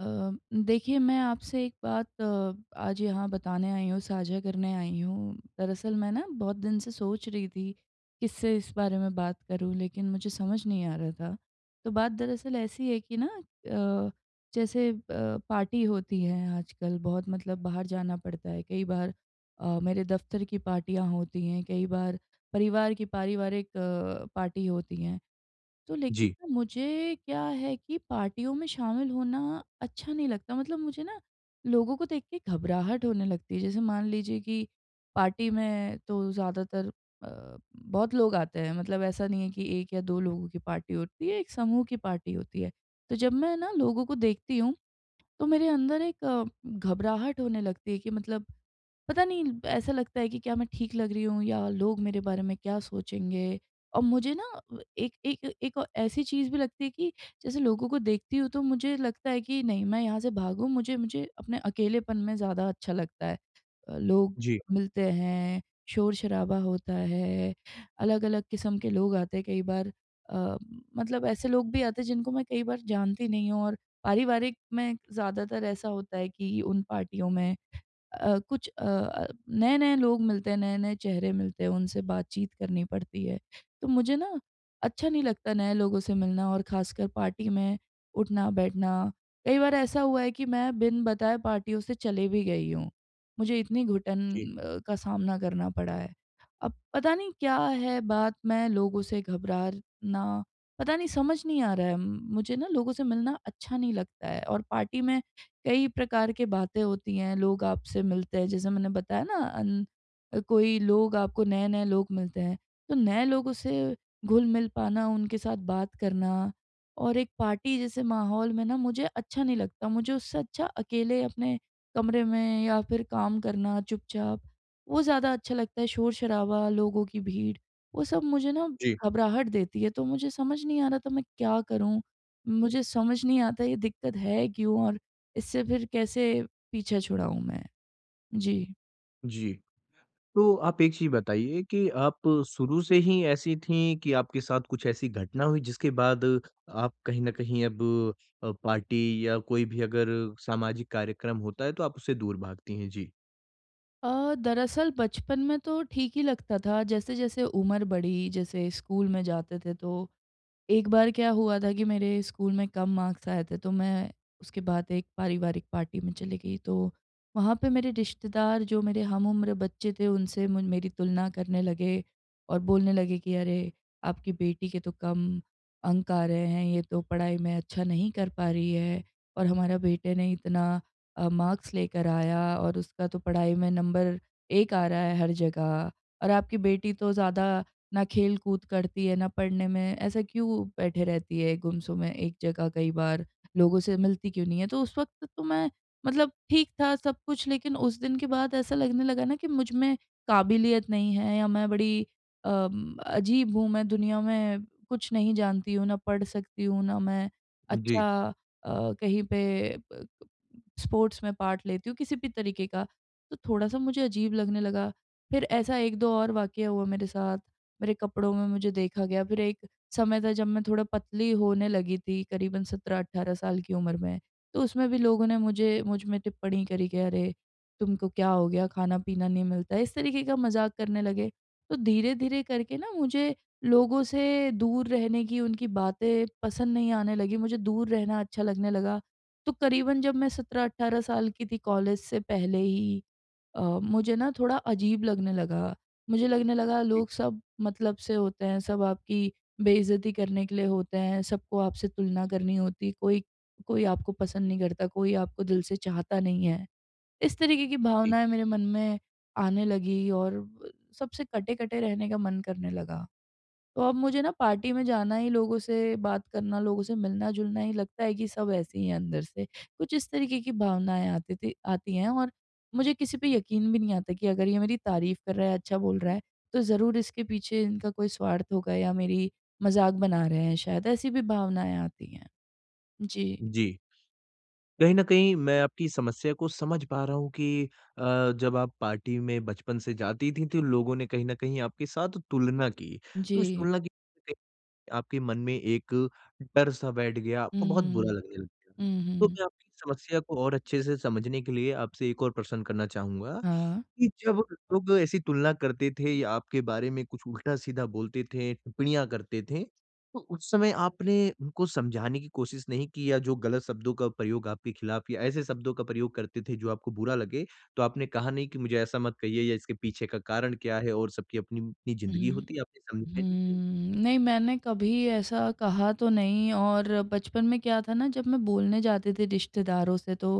अ, देखिए मैं आपसे एक बात अ आज यहाँ बताने आई हूँ, साझा करने आई हूँ। दरअसल मैं न बहुत दिन से सोच रही थी किससे इस बारे में बात करूँ लेकिन मुझे समझ नहीं आ रहा था। तो बात दरअसल ऐसी है कि न अ, जैसे ब पार्टी होती है आजकल बहुत मतलब बाहर जाना पड़ता है कई बार अ, मेरे दफ्तर की पार्टियाँ होती है कई बार परिवार की पारिवारिक अ, पार्टी होती हैं। तो लेकिन जी। न मुझे क्या है कि पार्टियों में शामिल होना अच्छा नहीं लगता। मतलब मुझे न लोगों को देख के घबराहट होने लगती है। जैसे मान लीजिए कि पार्टी में तो ज़्यादातर अ, बहुत लोग आते हैं। मतलब ऐसा नहीं है कि 1 या 2 लोगों की पार्टी होती है एक समूह की पार्टी होती है। तो जब मैं न लोगों को देखती हूँ तो मेरे अंदर एक घबराहट होने लगती है कि मतलब पता नहीं ऐसा लगता है कि क्या मैं ठीक लग रही हूँ या लोग मेरे बारे में क्या सोचेंगे। और मुझे न अ, एक एक एक ऐसी चीज़ भी लगती है कि जैसे लोगों को देखती हूँ तो मुझे लगता है कि नहीं मैं यहाँ से भागू, मुझे मुझे अपने अकेलेपन में ज़्यादा अच्छा लगता है। अ, लोग जी। मिलते हैं, शोर-शराबा होता है। अलग-अलग किस्म के लोग आते हैं कई बार अ, मतलब ऐसे लोग भी आते हैं जिनको मैं कई बार जानती नहीं हूँ और पारिवारिक में ज़्यादातर ऐसा होता है कि उन पार्टियों में अ, कुछ अ अ, नए-नए लोग मिलते हैं नए-नए चेहरे मिलते हैं उनसे बातचीत करनी पड़ती है। तो मुझे न अच्छा नहीं लगता नए लोगों से मिलना और ख़ासकर पार्टी में उठना-बैठना। कई बार ऐसा हुआ है कि मैं बिन बताए पार्टियों से चली भी गई हूँ। मुझे इतनी घुटन जी। अ, का सामना करना पड़ा है। अब पता नहीं क्या है बात में लोगों से घबराना पता नहीं समझ नहीं आ रहा है मुझे न लोगों से मिलना अच्छा नहीं लगता है। और पार्टी में कई प्रकार की बातें होती हैं, लोग आपसे मिलते हैं जैसे मैंने बताया न अन कोई लोग आपको नए-नए लोग मिलते हैं तो नए लोगों से घुल-मिल पाना उनके साथ बात करना और एक पार्टी जैसे माहौल में न मुझे अच्छा नहीं लगता। मुझे उससे अच्छा अकेले अपने कमरे में या फिर काम करना चुपचाप वो ज़्यादा अच्छा लगता है। शोर-शराबा लोगों की भीड़ वो सब मुझे न जी। घबराहट देती है। तो मुझे समझ नहीं आ रहा तो मैं क्या करूँ। मुझे समझ नहीं आता ये दिक्कत है क्यों और इससे फिर कैसे पीछे छुड़ाऊँ मैं। जी। जी। तो आप एक चीज़ बताइए कि आप शुरू से ही ऐसी थीं कि आपके साथ कुछ ऐसी घटना हुई जिसके बाद आप कहीं न कहीं अब अ, पार्टी या कोई भी अगर सामाजिक कार्यक्रम होता है तो आप उससे दूर भागती हैं। जी। अ, दरअसल बचपन में तो ठीक ही लगता था जैसे-जैसे उम्र बढ़ी जैसे स्कूल में जाते थे तो एक बार क्या हुआ था कि मेरे स्कूल में कम मार्क्स आए थे तो मैं उसके बाद एक पारिवारिक पार्टी में चली गई। तो वहाँ पे मेरे रिश्तेदार जो मेरे हम उम्र बच्चे थे उनसे म मेरी तुलना करने लगे और बोलने लगे कि, "अरे आपकी बेटी के तो कम अंक आ रहे हैं ये तो पढ़ाई में अच्छा नहीं कर पा रही है, और हमारा बेटे ने इतना अ, मार्क्स लेकर आया और उसका तो पढ़ाई में नंबर 1 आ रहा है हर जगह और आपकी बेटी तो ज़्यादा ना खेल-कूद करती है ना पढ़ने में ऐसा क्यों बैठे रहती है गुमसुम अ, में एक जगह कई बार लोगों से मिलती क्यों नहीं है।" तो उस वक़्त तो मैं मतलब ठीक था सब कुछ लेकिन उस दिन के बाद ऐसा लगने लगा ना कि मुझमें काबिलियत नहीं है या मैं बड़ी अम अजीब हूँ मैं दुनिया में कुछ नहीं जानती हूँ ना पढ़ सकती हूँ ना मैं जी। अच्छा अ, कहीं पे अ, स्पोर्ट्स में पार्ट लेती हूँ किसी भी तरीके का। तो थोड़ा-सा मुझे अजीब लगने लगा। फिर ऐसा 1-2 और वाक़या हुआ मेरे साथ मेरे कपड़ों में मुझे देखा गया फिर एक समय था जब मैं थोड़ा पतली होने लगी थी करीबन 17-18 साल की उम्र में तो उसमें भी लोगों ने मुझे मुझ में टिप्पणी करी कि अरे तुमको क्या हो गया खाना-पीना नहीं मिलता है, इस तरीके का मज़ाक करने लगे तो धीरे-धीरे करके ना मुझे लोगों से दूर रहने की उनकी बातें पसंद नहीं आने लगीं। मुझे दूर रहना अच्छा लगने लगा। तो करीबन जब मैं 17-18 साल की थी कॉलेज से पहले ही अ, मुझे ना थोड़ा अजीब लगने लगा मुझे लगने लगा जी। लोग सब मतलब से होते हैं, सब आपकी बेइज्जती करने के लिए होते हैं। सबको आपसे तुलना करनी होती है। कोई कोई आपको पसंद नहीं करता कोई आपको दिल से चाहता नहीं है। इस तरीके की जी। भावनाएँ मेरे मन में आने लगीं और ब सबसे कटे-कटे रहने का मन करने लगा। तो अब मुझे ना पार्टी में जाना ही लोगों से बात करना लोगों से मिलना-जुलना ही लगता है कि सब ऐसे ही है अंदर से। कुछ इस तरीके की भावनाएँ आतीं थीं आती हैं और मुझे किसी पे यकीन भी नहीं आता कि अगर ये मेरी तारीफ़ कर रहा है अच्छा बोल रहा है तो ज़रूर इसके पीछे इनका कोई स्वार्थ होगा या मेरी मज़ाक बना रहे हैं शायद, ऐसी भी भावनाएँ आती हैं। जी। जी। कहीं न कहीं मैं आपकी समस्या को समझ पा रहा हूँ कि अ, जब आप पार्टी में बचपन से जातीं थीं तो लोगों ने कहीं न कहीं आपके साथ तुलना की तो इस जी। तुलना की [unintelligible] आपके मन में एक डर सा बैठ गया, हुँ, आपको बहुत बुरा हुँ। लगने लग गया। हुँ, तो हुँ। मैं आपकी समस्या को और अच्छे से समझने के लिए आपसे एक और प्रश्न करना चाहूँगा हाँ। कि, जब लोग ऐसी तुलना करते थे या आपके बारे में कुछ उल्टा-सीधा बोलते थे, टिप्पणियाँ करते थे तो उस समय आपने, उनको समझाने की कोशिश नहीं की या जो गलत शब्दों का प्रयोग आपके खिलाफ़ या ऐसे शब्दों का प्रयोग करते थे जो आपको बुरा लगे, तो आपने कहा नहीं कि मुझे ऐसा मत कहिए या इसके पीछे का कारण क्या है? और सबकी अपनी-अपनी ज़िंदगी हुँ। होती है आपने समझा हुँ। नहीं कि नहीं, मैंने कभी ऐसा कहा तो नहीं और बचपन में क्या था ना जब मैं बोलने जाती थी रिश्तेदारों से तो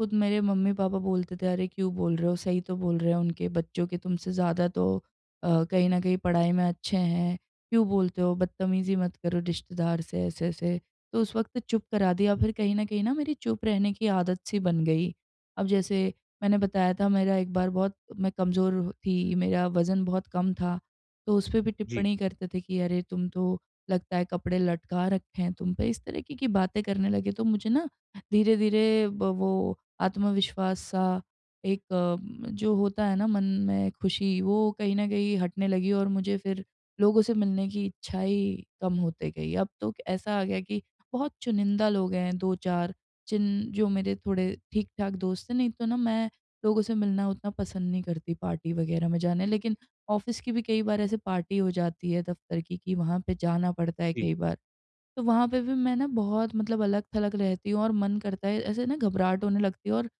खुद मेरे मम्मी-पापा बोलते थे, "अरे! क्यों बोल रहे हो सही तो बोल रहे हैं। उनके बच्चों के तुमसे ज़्यादा तो अ, कहीं न कहीं पढ़ाई में अच्छे हैं। क्यों बोलते हो बदतमीज़ी मत करो रिश्तेदार से ऐसे-ऐसे।" तो उस वक़्त चुप करा दिया फिर कहीं न कहीं न मेरी चुप रहने की आदत-सी बन गई। अब जैसे मैंने बताया था मेरा एक बार बहुत मैं कमज़ोर थी, मेरा वज़न बहुत कम था। तो उसपे भी जी। टिप्पणी करते थे कि, "अरे! तुम तो लगता है कपड़े लटका रखे हैं तुम पे।" इस तरीके की बातें करने लगे। तो मुझे ना धीरे-धीरे ब वो आत्मविश्वास-सा एक अम जो होता है ना मन में खुशी वो कहीं न कहीं हटने लगी और मुझे फिर लोगों से मिलने की इच्छा ही कम होते गई। अब तो ऐसा आ गया कि बहुत चुनिंदा लोग हैं 2-4 जिन जो मेरे थोड़े ठीक-ठाक दोस्त थे नहीं तो ना मैं लोगों से मिलना उतना पसंद नहीं करती पार्टी वग़ैरह में जाना। लेकिन ऑफ़िस की भी कई बार ऐसे पार्टी हो जाती है दफ़्तर की कि वहाँ पे जाना पड़ता है जी। कई बार, तो वहाँ पे भी मैं ना बहुत मतलब अलग-थलग रहती हूँ और मन करता है ऐसे ना घबराहट होने लगती है और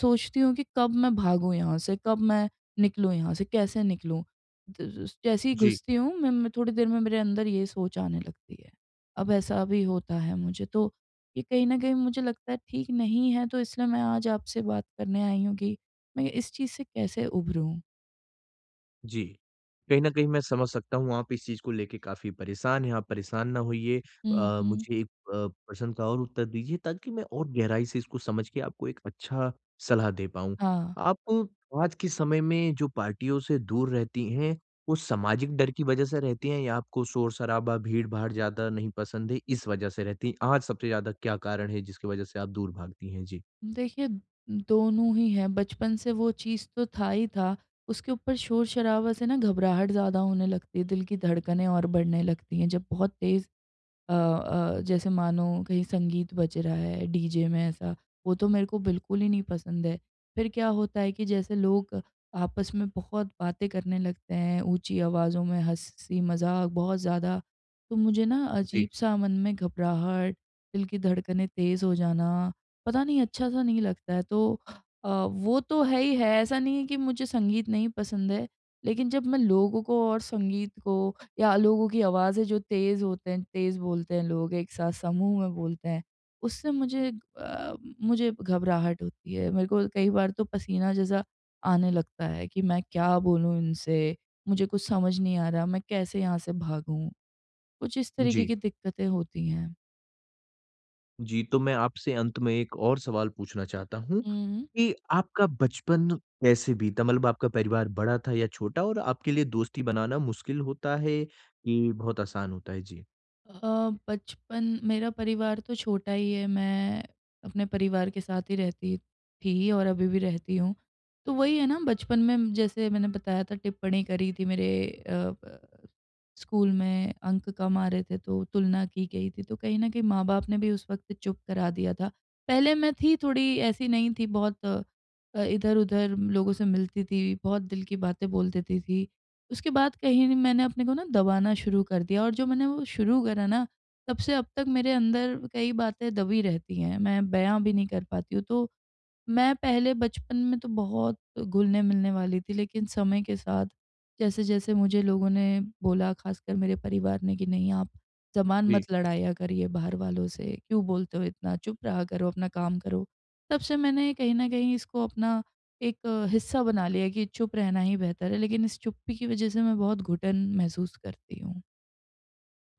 सोचती हूँ कि कब मैं भागूँ यहाँ से? कब मैं निकलूँ यहाँ से कैसे निकलूँ? तो ज जैसे ही जी। घुसती हूँ मैं म थोड़ी देर में मेरे अंदर ये सोच आने लगती है, अब ऐसा भी होता है मुझे। तो ये कहीं न कहीं मुझे लगता है ठीक नहीं है तो इसलिए मैं आज आपसे बात करने आई हूँ कि मैं इस चीज़ से कैसे उभरूँ? जी। कहीं न कहीं मैं समझ सकता हूँ, आप इस चीज़ को लेके काफ़ी परेशान हैं। आप परेशान ना होइए। हुँ, अ, हुँ। मुझे अ, प्रश्न का और उत्तर दीजिए ताकि मैं और गहराई से इसको समझ के आपको एक अच्छा सलाह दे पाऊँ। हाँ। आपको आज के समय में जो पार्टियों से दूर रहती हैं, वो सामाजिक डर की वज़ह से रहती हैं या आपको शोर-शराबा भीड़-भाड़ ज़्यादा नहीं पसंद है, इस वज़ह से रहती हैं और सबसे ज़्यादा क्या कारण है जिसकी वज़ह से आप दूर भागती हैं? जी। देखिए, दोनों ही है। बचपन से वो चीज़ तो था ही था। उसके ऊपर शोर-शराबा से ना घबराहट ज़्यादा होने लगती है। दिल की धड़कनें और बढ़ने लगती हैं जब बहुत तेज़ अ अ, जैसे मानो कहीं संगीत बज रहा है डीजे में ऐसा, वो तो मेरे को बिल्कुल ही नहीं पसंद है। फ़िर क्या होता है कि जैसे लोग आपस में बहुत बातें करने लगते हैं ऊँची आवाज़ों में, हँसी-मज़ाक बहुत ज़्यादा, तो मुझे ना जी। अजीब-सा मन में घबराहट, दिल की धड़कनें तेज़ हो जाना, पता नहीं अच्छा-सा नहीं लगता है। तो अ, वो तो है ही है ऐसा नहीं है कि मुझे संगीत नहीं पसंद है लेकिन जब मैं लोगों को और संगीत को या लोगों की आवाज़ें जो तेज़ होते हैं, तेज़ बोलते हैं लोग, एक साथ समूह में बोलते हैं, उससे मुझे अ, मुझे घबराहट होती है। मेरे को कई बार तो पसीना जैसा आने लगता है कि मैं क्या बोलूँ इनसे? मुझे कुछ समझ नहीं आ रहा। मैं कैसे यहाँ से भागूँ? कुछ इस तरीके जी। की दिक्कतें होती हैं। जी, तो मैं आपसे अंत में एक और सवाल पूछना चाहता हूँ, हुँ। की आपका बचपन कैसे बीता? मतलब आपका परिवार बड़ा था या छोटा और आपके लिए दोस्ती बनाना मुश्किल होता है, कि बहुत आसान होता है? जी। अ, बचपन मेरा परिवार तो छोटा ही है मैं, अपने परिवार के साथ ही रहती थी और अभी भी रहती हूँ, तो वही है ना बचपन में जैसे मैंने बताया था टिप्पणी करी थी मेरे अ अ, स्कूल में अंक कम आ रहे थे तो तुलना की गई थी तो कहीं न कहीं माँ-बाप ने भी उस वक़्त चुप करा दिया था। पहले मैं थी थोड़ी ऐसी नहीं थी बहुत अ, इधर-उधर लोगों से मिलती थी बहुत दिल की बातें बोल देती थी। उसके बाद कहीं मैंने अपने को ना दबाना शुरू कर दिया और जो मैंने वो शुरू करा ना, तब से अब तक मेरे अंदर कई बातें दबी रहती है, मैं बया भी नहीं कर पाती हूँ तो, मैं पहले बचपन में तो बहुत घुलने-मिलने वाली थी लेकिन समय के साथ जैसे-जैसे मुझे लोगों ने बोला ख़ासकर मेरे परिवार ने कि नहीं आप ज़बान जी। मत लड़ाया करिए बाहर वालों से क्यों बोलते हो इतना? चुप रहा करो, अपना काम करो। तब से मैंने कहीं न कहीं इसको अपना, एक हिस्सा बना लिया कि चुप रहना ही बेहतर है लेकिन इस चुप्पी की वज़ह से मैं बहुत घुटन महसूस करती हूँ।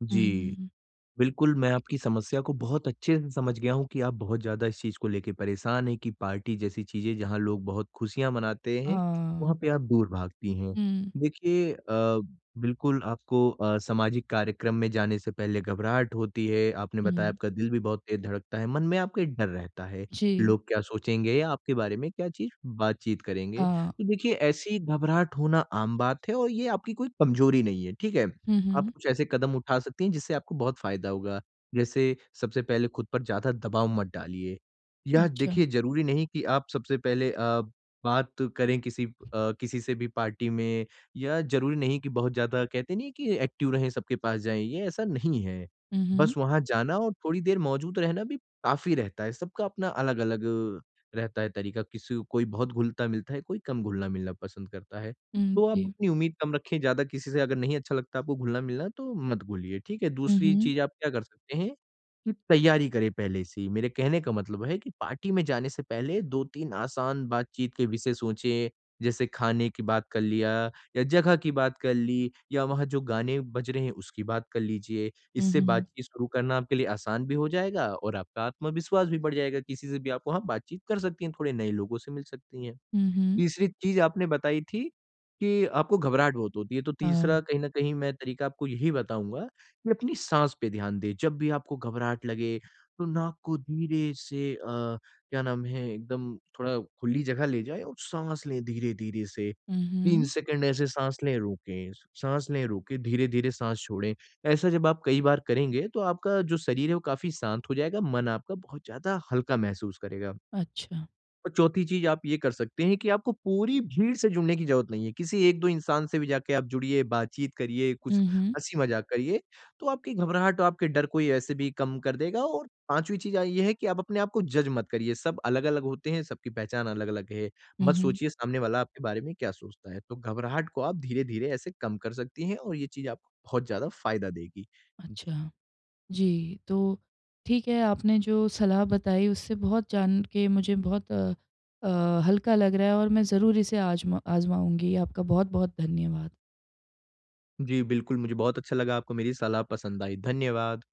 जी. हुँ। बिल्कुल मैं आपकी समस्या को बहुत अच्छे से समझ गया हूँ कि आप बहुत ज़्यादा इस चीज़ को लेके परेशान है की पार्टी जैसी चीज़ें जहाँ लोग बहुत खुशियाँ मनाते हैं वहाँ हाँ। पे आप दूर भागती हैं। हुँ। देखिए अ, बिल्कुल आपको अ, सामाजिक कार्यक्रम में जाने से पहले घबराहट होती है। आपने बताया हुँ। आपका दिल भी बहुत तेज़ धड़कता है। मन में आपके डर रहता है। जी। लोग क्या सोचेंगे या आपके बारे में क्या चीज़ बातचीत करेंगे। हाँ। तो देखिए ऐसी घबराहट होना आम बात है और ये आपकी कोई कमजोरी नहीं है, ठीक है? हुँ, आप हुँ। कुछ ऐसे कदम उठा सकती हैं जिससे आपको बहुत फ़ायदा होगा। जैसे सबसे पहले खुद पर ज़्यादा दबाव मत डालिए। या अच्छा। देखिए ज़रूरी नहीं कि आप सबसे पहले अ, बात करें किसी अ, किसी से भी पार्टी में या ज़रूरी नहीं कि बहुत ज़्यादा कहते नहीं है कि एक्टिव रहें सबके पास जाएँ, ये ऐसा नहीं है। हुँ, बस हुँ। वहाँ जाना और थोड़ी देर मौजूद रहना भी काफ़ी रहता है। सबका अपना अलग-अलग अ, रहता है तरीका किसी को कोई बहुत घुलता-मिलता है, कोई कम घुलना-मिलना पसंद करता है। हुँ, तो आप जी। अपनी उम्मीद कम रखें ज़्यादा किसी से अगर नहीं अच्छा लगता आपको घुलना-मिलना तो मत घुलिए ठीक है? हुँ, दूसरी हुँ। चीज़ आप क्या कर सकते हैं? कि तैयारी करें पहले से ही, मेरे कहने का मतलब है कि पार्टी में जाने से पहले 2-3 आसान बातचीत के विषय सोचे जैसे खाने की बात कर लिया या जगह की बात कर ली या वहाँ जो गाने बज रहे हैं उसकी बात कर लीजिए। हुँ, इससे हुँ। बातचीत शुरू करना आपके लिए आसान भी हो जाएगा और आपका आत्मविश्वास भी बढ़ जाएगा किसी से भी आप वहाँ बातचीत कर सकती हैं, थोड़े नए लोगों से मिल सकती है। हुँ, हुँ। तीसरी चीज आपने बताई थी, कि आपको घबराहट बहुत होती है। तो तीसरा हाँ। कहीं न कहीं मैं तरीका आपको यही बताऊँगा कि अपनी साँस पे ध्यान दें। जब भी आपको घबराहट लगे तो नाक को धीरे से अ, क्या नाम है? एकदम थोड़ा खुली जगह ले जाएँ और साँस लें धीरे-धीरे से हुँ, 3 हुँ। सेकंड ऐसे साँस लें रोकें, साँस लें रोके, धीरे-धीरे साँस छोड़ें। ऐसा जब आप कई बार करेंगे तो आपका जो शरीर है वो काफ़ी शांत हो जाएगा। मन आपका बहुत ज़्यादा हल्का महसूस करेगा। अच्छा। और चौथी चीज आप ये कर सकते हैं कि आपको पूरी भीड़ से जुड़ने की ज़रूरत नहीं है। किसी 1-2 इंसान से भी जाके आप जुड़िए, बातचीत करिए, कुछ हुँ, हुँ। हँसी-मज़ाक करिए। तो आपकी घबराहट और आपके डर को ऐसे भी कम कर देगा और पाँचवी चीज अ, ये है कि आप अपने आपको जज मत करिए। सब अलग-अलग होते हैं, सबकी पहचान अलग-अलग है। हुँ, मत हुँ। सोचिए सामने वाला आपके बारे में क्या सोचता है। तो घबराहट को आप धीरे-धीरे ऐसे कम कर सकती हैं और ये चीज आपको बहुत ज़्यादा फ़ायदा देगी। जी। अच्छा। जी, तो ठीक है आपने जो सलाह बताई उससे बहुत जान के मुझे बहुत अ अ, हल्का लग रहा है, और मैं ज़रूर इसे आजमा आजमाऊँगी। आपका बहुत-बहुत धन्यवाद। जी, बिल्कुल मुझे बहुत अच्छा लगा आपको मेरी सलाह पसंद आई, धन्यवाद।